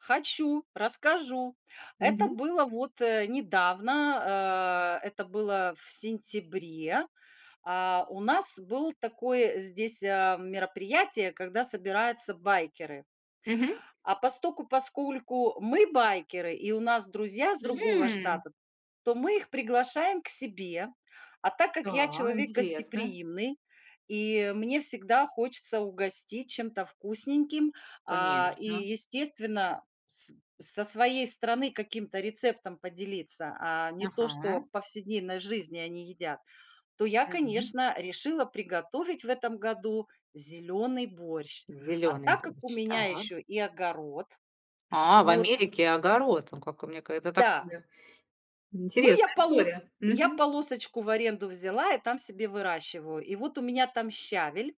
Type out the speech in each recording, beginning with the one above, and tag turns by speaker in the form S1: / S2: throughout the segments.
S1: Хочу, расскажу. Это
S2: Мгм.
S1: было вот, э, недавно, а, это было в сентябре. А, у нас было такое здесь, а, мероприятие, когда собираются байкеры.
S2: Мгм.
S1: А постольку-поскольку мы байкеры и у нас друзья с другого
S2: М.
S1: штата, то мы их приглашаем к себе. А так как я
S2: Да,
S1: человек
S2: интересно.
S1: гостеприимный и мне всегда хочется угостить чем-то вкусненьким, а, и,
S2: Конечно.
S1: естественно, с со своей страны каким-то рецептом поделиться, а не то, что в
S2: Мгм.
S1: повседневной жизни они едят, то я,
S2: М.
S1: конечно, решила приготовить в этом году зелёный борщ, а
S2: Зелёный
S1: так как у
S2: борщ.
S1: меня
S2: Так.
S1: ещё и огород,
S2: А, в
S1: вот.
S2: Америке огород, о, как у меня какая-то
S1: Да.
S2: такая
S1: Ну, я
S2: интересная
S1: полос
S2: история.
S1: я
S2: Мгм.
S1: полосочку в аренду взяла и там себе выращиваю, и вот у меня там щавель.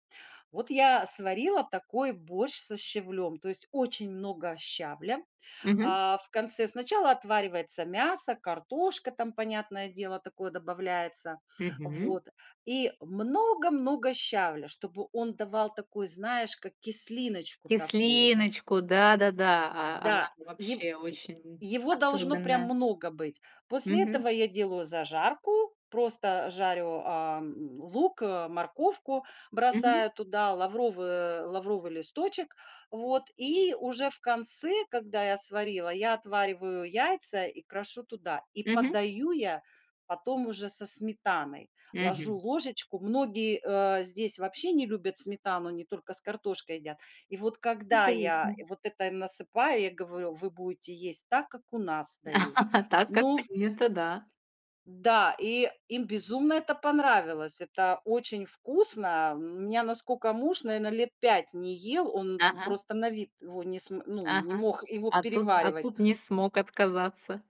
S1: Вот я сварила такой борщ со щавлем, то есть очень много щавля,
S2: Мгм.
S1: а, в конце. Сначала отваривается мясо, картошка там, понятное дело, такое добавляется,
S2: Мгм.
S1: вот, и много-много щавля, чтобы он давал такую, знаешь, как кислиночку такую.
S2: Кислиночку, да-да-да, а она
S1: Да,
S2: же
S1: е е
S2: вообще очень
S1: его должно прям
S2: особенная.
S1: много быть. После этого
S2: Мгм.
S1: я делаю зажарку, просто жарю, ам, лук, э, морковку,
S2: Мгм.
S1: бросаю туда лавровый э, лавровый листочек, вот, и уже в конце, когда я сварила, я отвариваю яйца и крошу туда, и
S2: Мгм.
S1: подаю я потом уже со сметаной. Ложу
S2: Мгм.
S1: ложечку Многие, а, здесь вообще не любят сметану, они только с картошкой едят. И вот когда
S2: Ничего не с
S1: я
S2: ним.
S1: вот это им насыпаю, я говорю: "Вы будете есть так, как у нас дают".
S2: Так,
S1: Но
S2: как-то
S1: в
S2: не это, да.
S1: М-да, и им безумно это понравилось. Это очень вкусно. М, у меня, наскока муж, наверно, лет 5 не ел, он
S2: Ага.
S1: просто на вид его не см ну, не
S2: Ага,
S1: мог его
S2: а тут а
S1: переваривать
S2: тут не смог отказаться.